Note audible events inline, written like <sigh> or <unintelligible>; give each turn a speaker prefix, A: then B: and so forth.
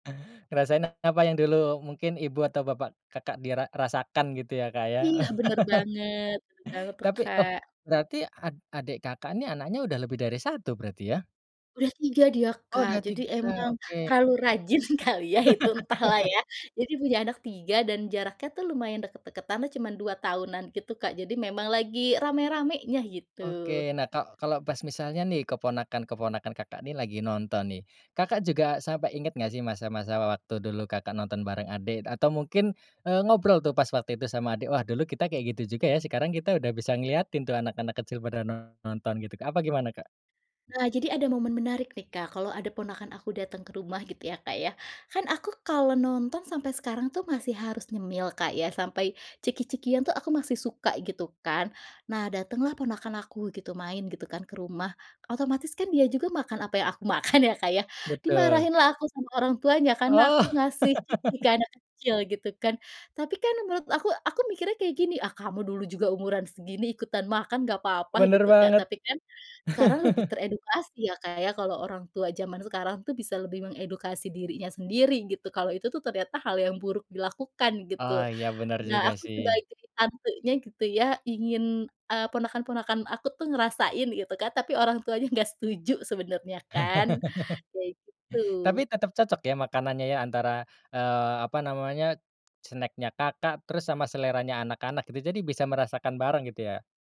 A: Ngerasain apa yang dulu mungkin ibu atau bapak Kakak dira rasakan gitu ya Kak ya?
B: Iya bener
A: <laughs>
B: banget <unintelligible> galau tuh
A: Tapi oh
B: Kak.
A: berarti ad adik Kakak ini anaknya udah lebih dari 1 berarti ya?
B: Udah 3 dia
A: Oh
B: Kak,
A: udah
B: jadi
A: 3
B: emang
A: oke.
B: terlalu rajin kali ya itu entahlah
A: <laughs>
B: ya jadi punya anak 3 dan jaraknya tuh lumayan deket-deketanlah cuma 2 tahunan gitu Kak jadi memang lagi rame-ramenya gitu.
A: Oke nah ka kalau pas misalnya nih keponakan-keponakan Kakak nih lagi nonton nih, Kakak juga sampai inget gak sih masa-masa waktu dulu Kakak nonton bareng adik atau mungkin, eee, ngobrol tuh pas waktu itu sama adik, "Wah dulu kita kayak gitu juga ya, sekarang kita udah bisa ngeliatin tuh anak-anak kecil pada nonton," gitu Kak apa gimana Kak?
B: Nah jadi ada momen menarik nih Kak, kalau ada ponakan aku datang ke rumah gitu ya Kak ya, kan aku kalau nonton sampai sekarang tuh masih harus nyemil Kak ya sampai ciki-cikian tuh aku masih suka gitu kan, nah datanglah ponakan aku gitu main gitu kan ke rumah, otomatis kan dia juga makan apa yang aku makan ya Kak ya,
A: Betul.
B: dimarahinlah aku sama orang tuanya karena aku
A: Oh.
B: ngasih ciki ke anak kecil
A: <laughs>
B: gitu kan, tapi kan menurut aku aku mikirnya kayak gini, ah, kamu dulu juga umuran segini ikutan makan nggak apa-apa
A: Bener
B: gitu Kak
A: banget.
B: tapi kan, sekarang lebih
A: <chuckles>
B: teredukasi ya Kak ya kalau orang tua jaman sekarang tuh bisa lebih mengedukasi dirinya sendiri gitu kalau itu tuh ternyata hal yang buruk dilakukan
A: Oh
B: gitu,
A: ya bener
B: nah
A: juga
B: aku
A: sih.
B: sebagai tantenya gitu ya ingin, eee, ponakan-ponakan aku tuh ngerasain gitu kan tapi orang tuanya nggak setuju sebenarnya kan
A: <laughs>
B: kayak gitu.
A: Tapi tetep cocok ya makanannya ya antara, eee, apa namanya, snacknya Kakak terus sama seleranya anak-anak gitu jadi bisa merasakan bareng gitu ya?